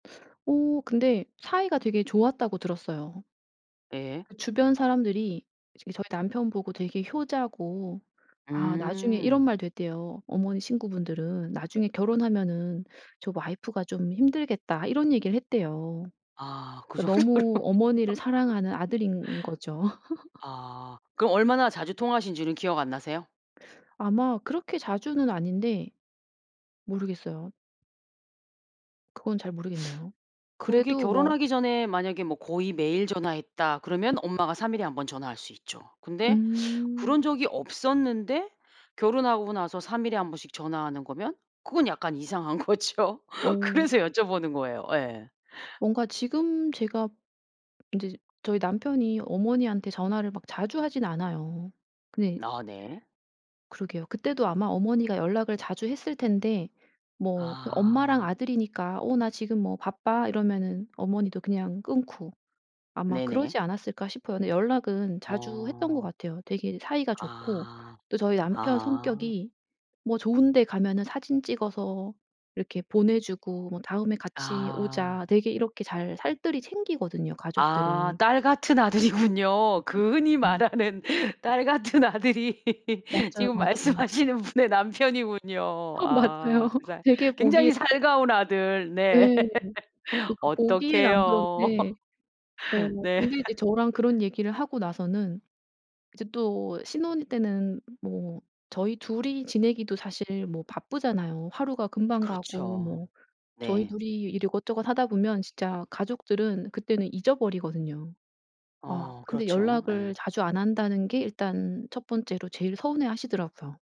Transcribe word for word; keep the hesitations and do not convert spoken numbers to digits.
어 근데 사이가 되게 좋았다고 들었어요. 예. 그 주변 사람들이 이제 저희 남편보고 되게 효자고 아 나중에 이런 음. 말도 했대요. 어머니 친구분들은 "나중에 결혼하면은 저 와이프가 좀 힘들겠다." 이런 얘기를 했대요. 아 그 그러니까 정도로. 너무 어머니를 사랑하는 아들인 거죠. 아. 그럼 얼마나 자주 통화하신 지는 기억 안 나세요? 아마 그렇게 자주는 아닌데 모르겠어요. 그건 잘 모르겠네요. 그게 그래도 뭐 결혼하기 전에 만약에 뭐 '거의 매일 전화했다.' 그러면 엄마가 삼 일에 한 번 전화할 수 있죠. 근데 음. 그런 적이 없었는데 결혼하고 나서 삼 일에 한 번씩 전화하는 거면 그건 약간 이상한 거죠. 어. 그래서 여쭤보는 거예요. 예. 뭔가 지금 제가 이제 저희 남편이 어머니한테 전화를 막 자주 하진 않아요. 근데 아 네. 그러게요. 그때도 아마 어머니가 연락을 자주 했을 텐데 뭐 그 엄마랑 아. 아들이니까 "어 나 지금 뭐 바빠." 이러면은 어머니도 그냥 끊고 아마 네네. 그러지 않았을까 싶어요. 근데 연락은 자주 했던 것 어. 같아요. 되게 사이가 좋고 아. 또 저희 남편 아. 성격이 뭐 좋은 데 가면은 사진 찍어서 이렇게 보내 주고 뭐 "다음에 같이 아. 오자." 되게 이렇게 잘 살뜰히 챙기거든요, 아. 가족들을. 딸 같은 아들이군요. 으 그 흔히 어. 말하는 딸 같은 아들이 맞아요, 지금 맞아요. 말씀하시는 분의 남편이군요. 아 아 맞아요. 두 살 되게 굉장히 보기 살가운 아들. 네. 예. 그러니까 보기엔 안 어떡해요? 그런데 어 네. 근데 이제 저랑 그런 얘기를 하고 나서는 이제 또 신혼 때는 뭐 저희 둘 이 지내기도 사실 뭐 바쁘잖아요. 하루가 금방 가고 그렇죠. 뭐 저희 네. 둘 이 일 이것저것 하다 보면 진짜 가족들은 그때는 잊어버리거든요. 아 어 근데 그렇죠. 연락을 예. 자주 안 한다는 게 일단 첫 번째로 제일 서운해하시더라고요.